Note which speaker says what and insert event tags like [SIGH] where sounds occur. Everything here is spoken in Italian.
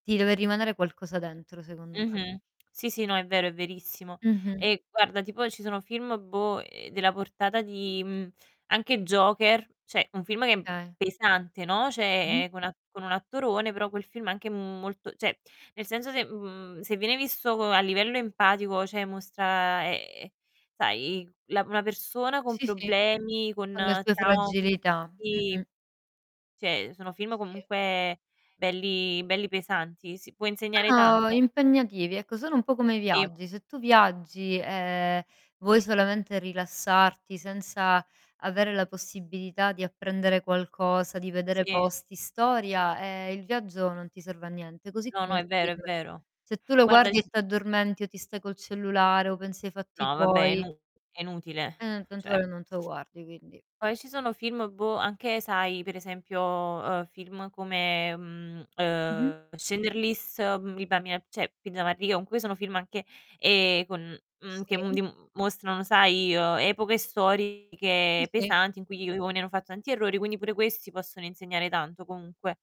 Speaker 1: Ti deve rimanere qualcosa dentro, secondo me.
Speaker 2: Mh-mh. Sì, sì, no, è vero, è verissimo.
Speaker 1: Mh-mh.
Speaker 2: E guarda, tipo, ci sono film, boh, uhm, della portata di mhmm, anche Joker, cioè un film che è m
Speaker 1: Okay.
Speaker 2: pesante, no,
Speaker 1: Mh.
Speaker 2: cioè è con a con un attorone però quel film anche, mhmm, molto cioè, nel senso se mhmm, se viene visto co a livello empatico, cioè, mostra ehm, sai la una persona con
Speaker 1: Sì, sì.
Speaker 2: problemi, con
Speaker 1: Con le sue
Speaker 2: traumi,
Speaker 1: fragilità.
Speaker 2: sì,
Speaker 1: Mh-mh.
Speaker 2: cioè, sono film
Speaker 1: Sì.
Speaker 2: comunque belli belli pesanti, sì. Può insegnare
Speaker 1: Sono
Speaker 2: tanto.
Speaker 1: impegnativi, ecco, sono un po' come i
Speaker 2: Sì.
Speaker 1: viaggi: se tu viaggi, ehm, vuoi solamente rilassarti, senza avere la possibilità di apprendere qualcosa, di vedere
Speaker 2: Sì.
Speaker 1: posti, storia, ehm, il viaggio non ti serve a niente; così
Speaker 2: No, no,
Speaker 1: come il
Speaker 2: è vero, è
Speaker 1: film:
Speaker 2: vero.
Speaker 1: se tu lo
Speaker 2: Guarda ci
Speaker 1: guardi e
Speaker 2: s
Speaker 1: t'addormenti, o ti stai col cellulare, o pensi ai fatti
Speaker 2: No, vabbè è
Speaker 1: tuoi
Speaker 2: inu è inutile,
Speaker 1: ehm, tanto
Speaker 2: cioè.
Speaker 1: vale che non te lo guardi, quindi
Speaker 2: Poi ci sono film, boh, anche, sai, per esempio, uhm, film come, mhmm,
Speaker 1: Mh-mh.
Speaker 2: uhm, Shindler's List, [UNINTELLIGIBLE] cioè, [UNINTELLIGIBLE] comunque sono film anche ehm, con, mhmm, che uhm,
Speaker 1: Sì.
Speaker 2: di uhm, mostrano, sai, uhm, epoche
Speaker 1: Sì,
Speaker 2: storiche
Speaker 1: sì.
Speaker 2: pesanti in cui gli uomini hanno fatto tanti errori, quindi pure questi possono insegnare tanto comunque.